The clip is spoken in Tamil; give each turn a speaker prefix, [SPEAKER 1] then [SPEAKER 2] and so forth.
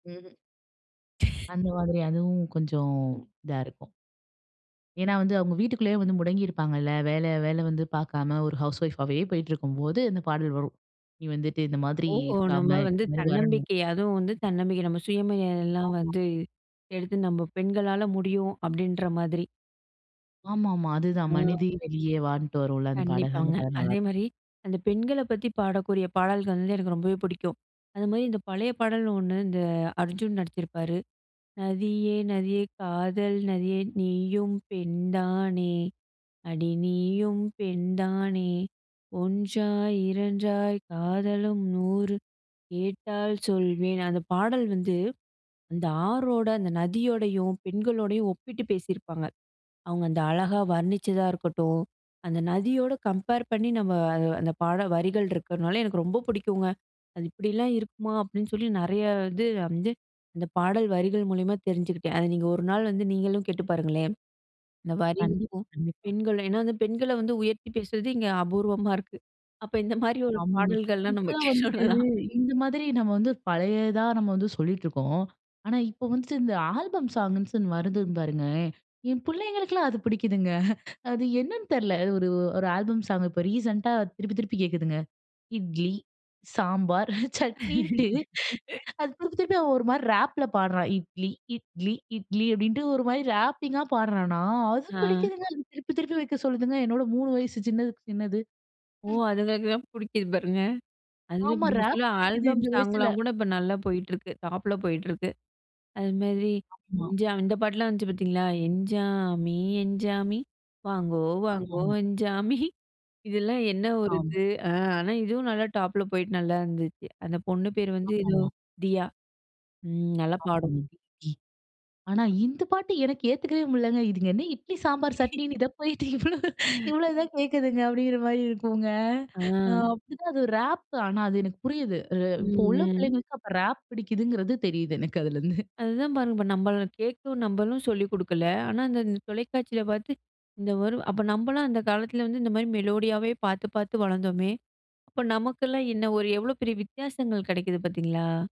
[SPEAKER 1] ம்ஹ்ம். அந்த மாதிரி அதுவும் கொஞ்சம் இதா இருக்கும். ஏன்னா வந்து அவுங்க வீட்டுக்குள்ளேயே வந்து முடங்கியிருப்பாங்கல்ல. வேல, வேல வந்து பார்க்காம ஒரு ஹவுஸ் ஒய்ஃப் ஆவே போயிட்டு இருக்கும்போது, இந்த பாடல் வரும். நீ வந்துட்டு இந்த மாதிரி
[SPEAKER 2] ஓ.
[SPEAKER 1] இருக்காம,
[SPEAKER 2] நம்ம வந்து
[SPEAKER 1] இந்த மாதிரி வரணும்.
[SPEAKER 2] தன்னம்பிக்கை, அதுவும் வந்து தன்னம்பிக்கை நம்ம சுயமரியாதையெல்லாம்
[SPEAKER 1] ஆமா.
[SPEAKER 2] வந்து, எடுத்து நம்ம பெண்களால முடியும் அப்பிடின்ற மாதிரி.
[SPEAKER 1] ஆமா ஆமா, அதுதான்.
[SPEAKER 2] ஆ.
[SPEAKER 1] "மனிதே வெளியே வா" ன்னுட்டு வரும்ல. அந்த பாடல், அந்த
[SPEAKER 2] கண்டிப்பாங்க.
[SPEAKER 1] பாடல் நல்லா இருக்கும்.
[SPEAKER 2] அதேமாரி, அந்த பெண்களப் பத்தி பாடக்கூடிய பாடல்கள் வந்து எனக்கு ரொம்பவே புடிக்கும். அதுமாரி இந்த பழைய பாடல் ஒன்னு இந்த அர்ஜுன் நடிச்சிருப்பாரு, "நதியே! நதியே! காதல் நதியே! நீயும் பெண்தானே, அடி நீயும் பெண்தானே! ஒன்றாய் இரண்டாய் காதலும் நூறு கேட்டால் சொல்வேன்" அந்த பாடல் வந்து அந்த ஆறோட, அந்த நதியோடையும் பெண்களோடையும் ஒப்பிட்டு பேசியிருப்பாங்க. அவுங்க அந்த அழகா வர்ணிச்சதா இருக்கட்டும். அந்த நதியோட கம்பேர் பண்ணி நம்ம அ அந்த பாடல் வரிகள் இருக்கன்னாலே, எனக்கு ரொம்ப புடிக்குங்க. அது இப்பிடிலாம் இருக்குமா! அப்பிடின்னு சொல்லி, நிறைய இது வந்து அந்த பாடல் வரிகள் மூலியமா தெரிஞ்சுக்கிட்டேன். அத நீங்க ஒரு நாள் வந்து நீங்களும் கேட்டு பாருங்களே! இந்த
[SPEAKER 1] கண்டிப்பா,
[SPEAKER 2] வரிக்கும்.
[SPEAKER 1] கண்டிப்பா.
[SPEAKER 2] பெண்கள் ஏனா, வந்து பெண்கள வந்து உயர்த்தி பேசுறது இங்க அபூர்வமா இருக்கு. அப்ப இந்தமாரி ஒரு
[SPEAKER 1] ஆமாங்க.
[SPEAKER 2] பாடல்கள்லாம் நம்ம
[SPEAKER 1] இப்பல்லாம் வந்துட்டு,
[SPEAKER 2] [unintelligible]
[SPEAKER 1] இந்தமாதிரி நம்ம வந்து பழையதா நம்ம வந்து சொல்லிட்டு இருக்கோம். ஆனா, இப்போ வந்துட்டு இந்த ஆல்பம் சாங்குன்னு வருது பாருங்க. என் புள்ளைகளுக்கெல்லாம் அது புடிக்குதுங்க அது என்னன்னு தெரில. அது ஒரு, ஒரு ஆல்பம் சாங், இப்ப ரீசென்ட்டா திருப்பி, திருப்பி கேட்குதுங்க. இட்லி, சாம்பார் சட்னின்னுட்டு, அது திருப்பி, திருப்பி அவன் ஒருமாரி ரேப்ல பாடுறான். "இட்லி, இட்லி, இட்லி" அப்பிடின்ட்டு ஒருமாரி ராப்பிங்கா பாட்றானா! அது
[SPEAKER 2] ஆ.
[SPEAKER 1] பிடிக்குதுங்க. அது திருப்பி, திருப்பி வைக்க சொல்லுதுங்க, என்னோட 3 வயசு சின்னதுக்கு சின்னது.
[SPEAKER 2] ஓ!
[SPEAKER 1] ம்.
[SPEAKER 2] அதுங்களுக்கு தான் புடிக்குது பாருங்க. அதுவே
[SPEAKER 1] ஆமா
[SPEAKER 2] இப்படி
[SPEAKER 1] ரேப்
[SPEAKER 2] சொல்லி
[SPEAKER 1] பிடிக்குது
[SPEAKER 2] ஆல்பம்
[SPEAKER 1] இந்த வயசுல.
[SPEAKER 2] சாங்லாம் கூட இப்ப நல்லா போயிட்ருக்கு. டாப்ல போயிட்ருக்கு. அதுமாதிரி
[SPEAKER 1] ஆமா.
[SPEAKER 2] "எஞ்சா" இந்த பாட்டுலாம் வந்துச்சு பார்த்தீங்களா? "எஞ்சாமி எஞ்சாமி வாங்கோ
[SPEAKER 1] ஆமா,
[SPEAKER 2] வாங்கோ
[SPEAKER 1] ஆமா.
[SPEAKER 2] எஞ்சாமி" இதெல்லாம் என்ன ஒரு
[SPEAKER 1] ஆம்.
[SPEAKER 2] இது. ஆ. ஆனா, இதுவும் நல்லா டாப்புல போயிட்டு நல்லா இருந்துச்சு. அந்த பொண்ணு பேர் வந்து
[SPEAKER 1] ஆமா,
[SPEAKER 2] ஏதோ
[SPEAKER 1] ஆமா.
[SPEAKER 2] தியா. ம். நல்லா பாடும்.
[SPEAKER 1] [unintelligible] ஆனா, இந்த பாட்டு எனக்கு ஏத்துக்கவே முடியலங்க. இதுங்க என்ன இட்லி, சாம்பார், சட்னின்னு இத போயிட்டு இவ்ளோ,
[SPEAKER 2] [unintelligible]
[SPEAKER 1] இவ்ளோ தான் கேட்குதுங்க அப்படிங்கிற மாரி இருக்குங்க அ
[SPEAKER 2] அ.
[SPEAKER 1] அப்பிடிதான் அது ஒரு ரேப். ஆனா, அது எனக்கு புரியுது. அ இப்போ உள்ள
[SPEAKER 2] ம். ம்.
[SPEAKER 1] பிள்ளைங்களுக்கு அப்போ ரேப் பிடிக்குதுங்கிறது தெரியுது எனக்கு அதிலேருந்து
[SPEAKER 2] அதுதான் பாருங்க. இப்ப நம்மள கேட்கும், நம்பளும் சொல்லிக் கொடுக்கல. ஆனா, அந்த தொலைக்காட்சியில பார்த்து [unintelligible] அப்ப நம்மல்லாம் அந்த காலத்துல வந்து இந்தமாரி மெலோடியாவே பார்த்து, பார்த்து வளந்தோமே, அப்போ நமக்கெல்லாம் என்ன ஒரு எவ்ளோ பெரிய வித்தியாசங்கள் கிடைக்குது பார்த்தீங்களா?